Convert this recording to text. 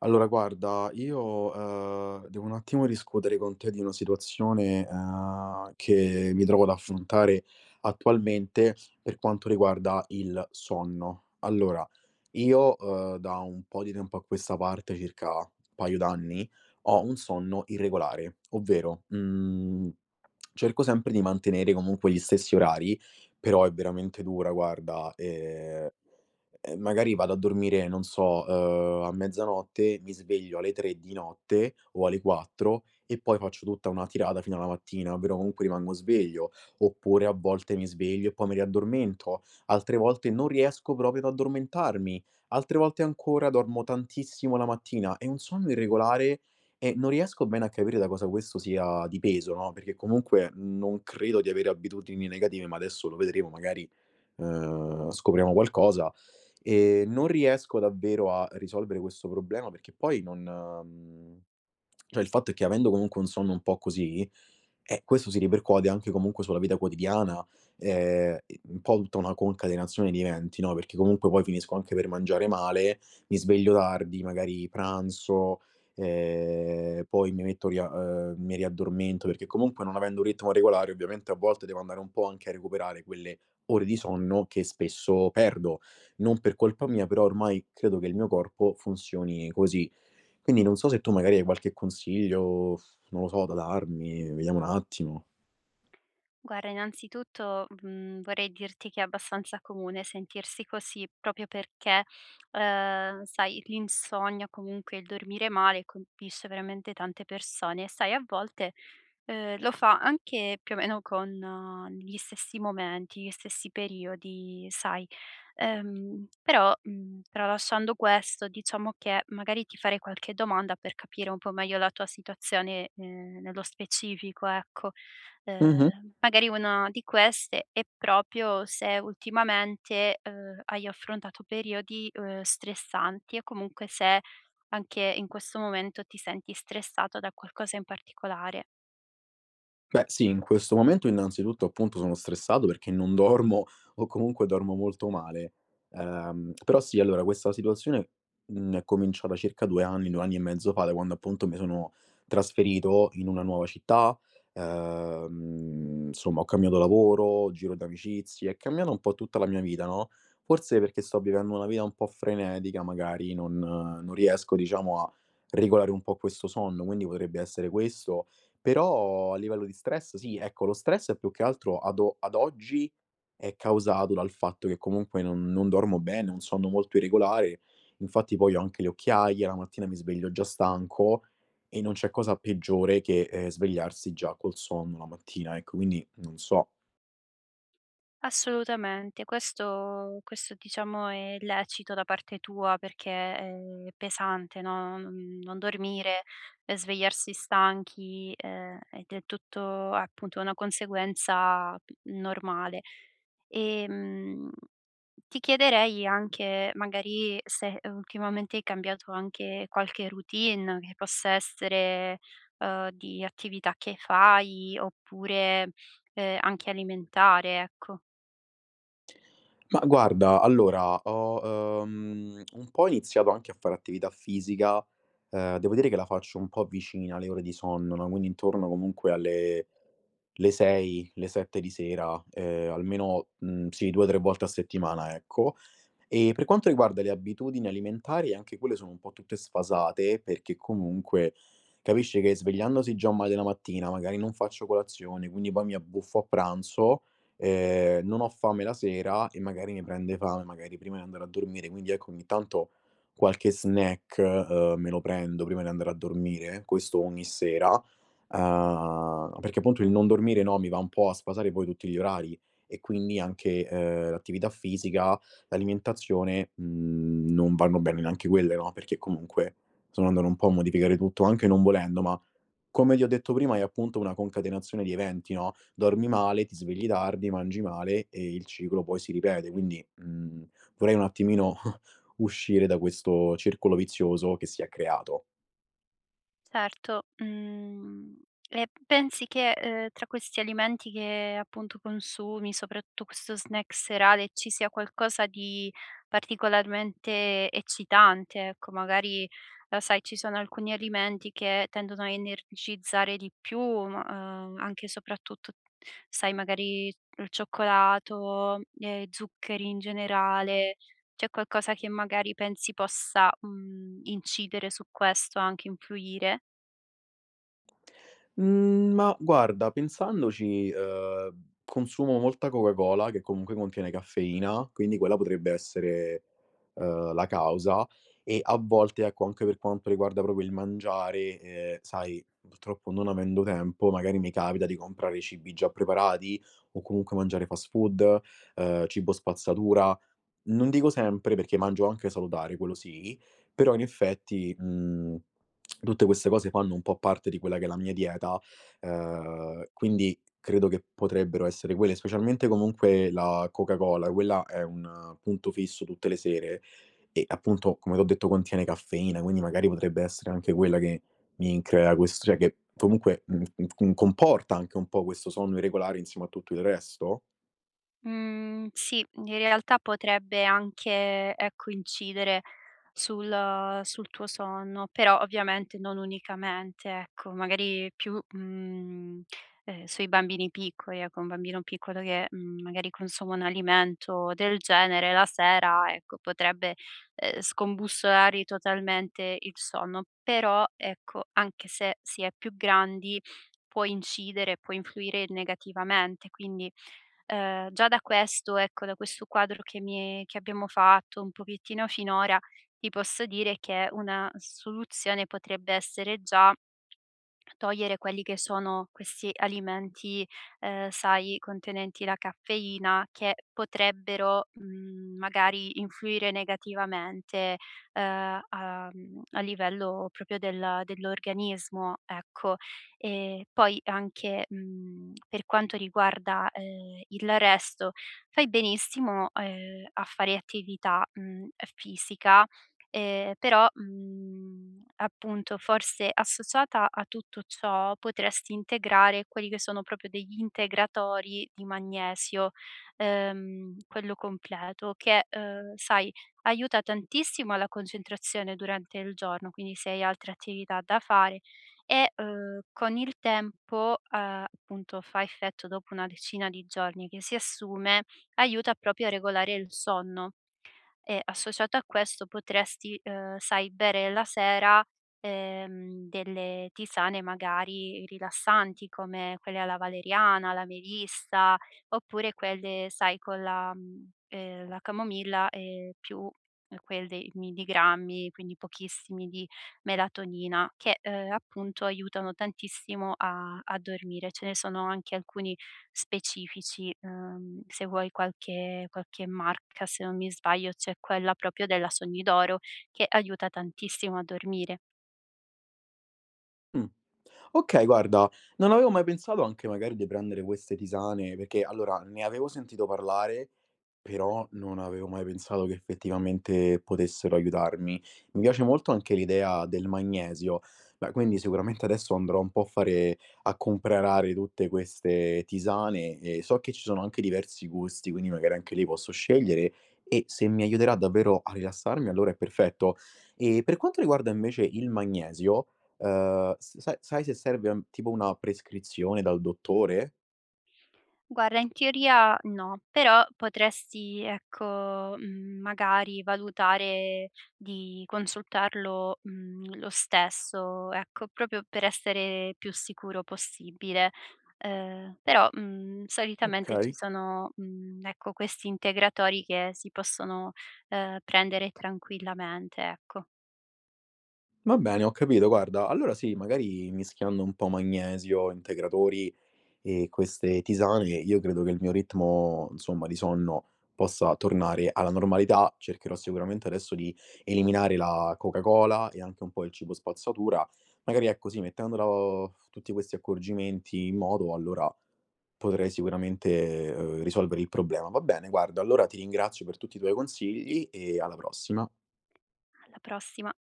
Allora, guarda, io, uhm, devo un attimo discutere con te di una situazione, uhm, che mi trovo ad affrontare attualmente, per quanto riguarda il sonno. Allora, io, uhm, da un po' di tempo a questa parte, circa paio d'anni, ho un sonno irregolare. Ovvero, mhmm, cerco sempre di mantenere comunque gli stessi orari, però è veramente dura, guarda. Ehm, e magari vado a dormire, non so, uhm, a mezzanotte, mi sveglio alle 3 di notte o alle 4 e poi faccio tutta una tirata fino a la mattina, però, comunque, rimango sveglio. Oppure a volte mi sveglio e poi mi riaddormento. Altre volte, non riesco proprio ad addormentarmi. Altre volte ancora, dormo tantissimo la mattina. È un sonno irregolare e non riesco bene a capire da cosa questo sia dipeso, no, perché comunque, non credo di avere abitudini negative, ma adesso lo vedremo, magari, uhm, scopriamo qualcosa. Ehm, non riesco davvero a risolvere questo problema, perché poi non mhmm, cioè il fatto è che avendo, comunque, un sonno un po' così, eh, questo si ripercuote, anche comunque sulla vita quotidiana, ehm, i un po' tutta una concatenazione di eventi, no, perché, comunque, poi finisco anche per mangiare male, mi sveglio tardi, magari pranzo, ehm, poi mi metto lì a uhm, mi riaddormento, perché, comunque, non avendo u ritmo regolare, ovviamente, a volte, devo andare un po' anche a recuperare quelle ore di sonno, che spesso perdo, non per colpa mia, però, ormai, credo che il mio corpo funzioni così. Quindi, non so se tu, magari, hai qualche consiglio, non lo so, da darmi vediamo un attimo. Guarda, innanzitutto, mhmm, vorrei dirti che, è abbastanza comune sentirsi così, proprio perché, uhm, sai, l'insonnia, comunque, il dormire male, colpisce veramente tante persone. E sai a volte, uhm, lo fa anche più o meno con gli stessi momenti, gli stessi periodi, sai. Uhm, però, mhmm, tralasciando questo, diciamo che, magari, ti farei qualche domanda, per capire un po' meglio la tua situazione, ehm, nello specifico, ecco. Uhm, Mh-mh. magari una di queste è, proprio se ultimamente, uhm, hai affrontato periodi, uhm, stressanti e comunque, se anche in questo momento ti senti stressato da qualcosa in particolare. Beh, sì, in questo momento, innanzitutto, appunto, sono stressato perché non dormo o comunque dormo molto male, ehm, però, sì, allora, questa situazione, mhmm, è cominciata circa 2 anni, 2 anni e mezzo fa, da quando, appunto, mi sono trasferito in una nuova città. Uhm, insomma, ho cambiato lavoro, giro di amicizie, è cambiato un po' tutta la mia vita, no. Forse, perché sto vivendo una vita un po' frenetica, magari, non non riesco, diciamo, a regolare un po' questo sonno, quindi potrebbe essere questo. Però a livello di stress, sì, ecco, lo stress è più che altro ad o ad oggi è causato dal fatto che, comunque, non non dormo bene, ho un sonno molto irregolare, infatti, poi ho anche le occhiaia. La mattina mi sveglio già stanco e non c'è cosa peggiore che, ehm, svegliarsi già col sonno la mattina, ecco, quindi, non so. Assolutamente, questo questo, diciamo, è lecito da parte tua, perché è pesante, no, non non dormire e svegliarsi stanchi, ehm, ed è tutto, appunto, una conseguenza, mhmm, normale. Ehm, ti chiederei anche, magari, se ultimamente, hai cambiato anche qualche routine, che possa essere, uhm, di attività che fai oppure, uhm, anche alimentare, ecco. Ma, guarda, allora, ho, uhm, un po' iniziato anche a fare attività fisica. Ehm, devo dire, che la faccio un po' vicina alle ore di sonno, no, quindi intorno, comunque, alle le 6, le 7 di sera, ehm, almeno, mhmm, sì, 2, 3 volte a settimana, ecco. E per quanto riguarda le abitudini alimentari, anche quelle sono un po' tutte sfasate, perché comunque, capisci che svegliandosi già male la mattina, magari, non faccio colazione, quindi poi mi abbuffo a pranzo, ehm, non ho fame la sera e magari, mi prende fame, magari, prima di andare a dormire. Quindi, ecco, ogni tanto, qualche snack, uhm, me lo prendo, prima di andare a dormire, questo ogni sera, uhm, perché punto il non dormire, no, mi va un po' a sfasare poi tutti gli orari e quindi, anche, uhm, l'attività fisica, l'alimentazione, mhmm, non vanno bene neanche quelle, no, perché, comunque, sono andato un po' a modificare tutto, anche non volendo, ma come ti ho detto prima, è appunto una concatenazione di eventi, no, dormi male, ti svegli tardi, mangi male e il ciclo poi si ripete, quindi, mhmm, vorrei, un attimino, uscire da questo circolo vizioso che si è creato. Certo, mhmm, e pensi che, uhm, tra questi alimenti, che, appunto, consumi soprattu questo snack serale, ci sia qualcosa di particolarmente eccitante, ecco, magari, uhm sai ci sono alcuni alimenti, che tendono a energizzare di più, mhmm, uhm, anche soprattut sai, magari, il cioccolato e zuccheri in generale. C'è qualcosa che, magari, pensi possa, mhmm, incidere su questo anche, influire? Mhmm, ma guarda pensandoci, ehm, consumo molta Coca Cola, che comunque contiene caffeina, quindi quella potrebbe essere, ehm, la causa e a volte ecco, anche per quanto riguarda proprio il mangiare, ehm, sai, purtroppo non avendo tempo magari mi capita di comprare cibi già preparati o comunque mangiare fast food, ehm, cibo spazzatura. Non dico sempre perché mangio anche salutare, quello sì, però in effetti, mhmm, tutte queste cose fanno un po' parte di quella che è la mia dieta, ehm, quindi credo che potrebbero essere quelle. Specialmente comunque la Coca Cola, quella è un punto fisso tutte le sere e appunto, come t'ho detto contiene caffeina, quindi magari potrebbe essere anche quella che mi crea quest cioè che comunque m m m comporta anche un po' questo sonno irregolare insieme a tutto il resto? Mhmm, sì, in realtà potrebbe anche ecco incidere sul sul tuo sonno. Però ovviamente non unicamente ecco, magari più, mhmm, ehm, sui bambini piccoli. Ecco un bambino piccolo che, mhmm, magari consuma un alimento del genere la sera, ecco potrebbe, ehm, scombussolargli totalmente il sonno, però ecco, anche se si è più grandi può incidere, può influire negativamente. Quindi, ehm, già da questo, ecco da questo quadro che mi che abbiamo fatto un pochettino finora, ti posso dire che una soluzione potrebbe essere già togliere quelli che sono questi alimenti, ehm, sai, contenenti la caffeina che potrebbero, mhmm, magari influire negativamente, ehm, a mhmm, a livello proprio del dell'organismo, ecco. E poi anche, mhmm, per quanto riguarda, ehm, il resto, fai benissimo, ehm, a fare attività, mhmm, fisica, ehm, però, mhmm, appunto forse associata a tutto ciò potresti integrare quelli che sono proprio degli integratori di magnesio, ehm, quello completo che, ehm, sai, aiuta tantissimo la concentrazione durante il giorno, quindi se hai altre attività da fare e ehm, con il tempo, ehm, appunto fa effetto dopo una decina di giorni che si assume, aiuta proprio a regolare il sonno. E associato a questo potresti, ehm, sai, bere la sera, ehm, delle tisane magari rilassanti, come quelle alla valeriana, la melissa, oppure quelle sai con la, mhmm, ehm, la camomilla e più quelli milligrammi, quindi pochissimi di melatonina, che, ehm, appunto aiutano tantissimo a a dormire. Ce ne sono anche alcuni specifici, ehm, se vuoi qualche qualche marca se non mi sbaglio c'è quella proprio della "Sogni d'Oro", che aiuta tantissimo a dormire. Mh. Okay, guarda, non avevo mai pensato anche magari di prendere queste tisane perché allora, ne avevo sentito parlare, però non avevo mai pensato che effettivamente potessero aiutarmi. Mi piace molto anche l'idea del magnesio, beh quindi sicuramente adesso andrò un po' a fare a comprare tutte queste tisane, e so che ci sono anche diversi gusti, quindi magari anche lì posso scegliere, e se mi aiuterà davvero a rilassarmi allora è perfetto. E per quanto riguarda invece il magnesio, uhm, s sai sai se serve, ehm, tipo una prescrizione dal dottore? Guarda, in teoria no. Però potresti, ecco, mhmm, magari valutare di consultarlo, mhmm, lo stesso, ecco, proprio per essere più sicuro possibile. Ehm, però, mhmm, solitamente ci Okay. sono, mhmm, ecco, questi integratori che si possono, ehm, prendere tranquillamente, ecco. Va bene, ho capito. Guarda, allora sì. Magari mischiando un po' magnesio, integratori e queste tisane, io credo che il mio ritmo, insomma, di sonno, possa tornare alla normalità. Cercherò sicuramente adesso di eliminare la Coca Cola e anche un po' il cibo spazzatura, magari ecco, sì, mettendola o tutti questi accorgimenti in moto, allora potrei sicuramente, uhm, risolvere il problema. Va bene, guarda, allora ti ringrazio per tutti i tuoi consigli e alla prossima. Alla prossima.